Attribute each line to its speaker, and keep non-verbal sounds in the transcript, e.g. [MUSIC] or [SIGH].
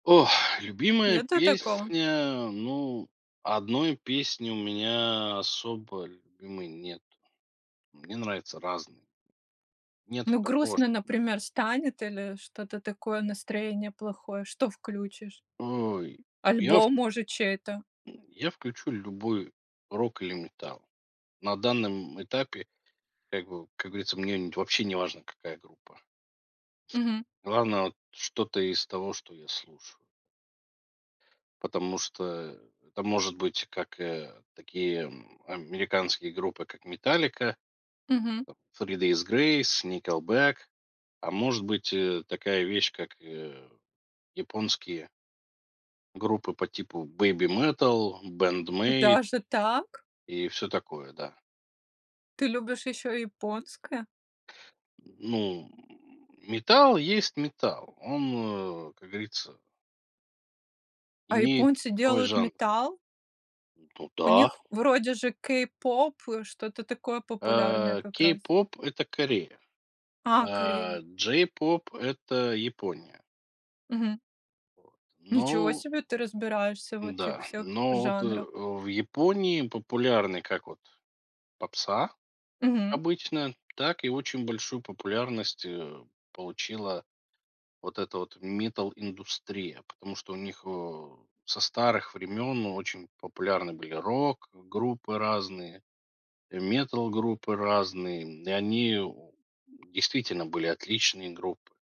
Speaker 1: Ох, [EXHALES] любимая
Speaker 2: Нету такого.
Speaker 1: песня, ну, 1 песни у меня особо любимой нету, мне нравятся разные. Нету
Speaker 2: Ну,
Speaker 1: такого,
Speaker 2: грустно,
Speaker 1: чт
Speaker 2: например, станет или что-то такое, настроение плохое, что включишь?
Speaker 1: Ой, я в
Speaker 2: Альбом, может, чей-то?
Speaker 1: Я включу любой рок или металл на данном этапе, как бы, как говорится, мне не вообще неважно, какая группа.
Speaker 2: Мгм.
Speaker 1: Главное, вот, что-то из того, что я слушаю. Потому что это может быть как, э, такие, м, американские группы, как Metallica,
Speaker 2: Мгм.
Speaker 1: Three Days Grace, Nickelback, а может быть, э, такая вещь, как, э, японские группы по типу Babymetal, Band-Maid.
Speaker 2: Даже так?
Speaker 1: И всё такое, да.
Speaker 2: Ты любишь ещё и японское?
Speaker 1: Ну, металл есть металл, он, э, как говорится
Speaker 2: А
Speaker 1: имеет
Speaker 2: японцы
Speaker 1: свой
Speaker 2: делают
Speaker 1: жанр.
Speaker 2: металл?
Speaker 1: Ну
Speaker 2: У
Speaker 1: да.
Speaker 2: них вроде же кей-поп, э, что-то такое популярное
Speaker 1: А
Speaker 2: как раз.
Speaker 1: "Кей-поп"- это Корея,
Speaker 2: А,
Speaker 1: а
Speaker 2: Корея.
Speaker 1: "Джей-поп"- это Япония.
Speaker 2: Мгм.
Speaker 1: Вот.
Speaker 2: Ничего
Speaker 1: Но
Speaker 2: себе, ты разбираешься в этих
Speaker 1: М-да,
Speaker 2: всех
Speaker 1: но вот, э,
Speaker 2: жанрах.
Speaker 1: в Японии популярны как вот попса,
Speaker 2: Мгм.
Speaker 1: обычно так, и очень большую популярность, э, получила вот эта вот метал-индустрия, потому что у них, э, со старых времен очень популярны были рок-группы разные, э, метал-группы разные, и они, о, действительно были отличные группы.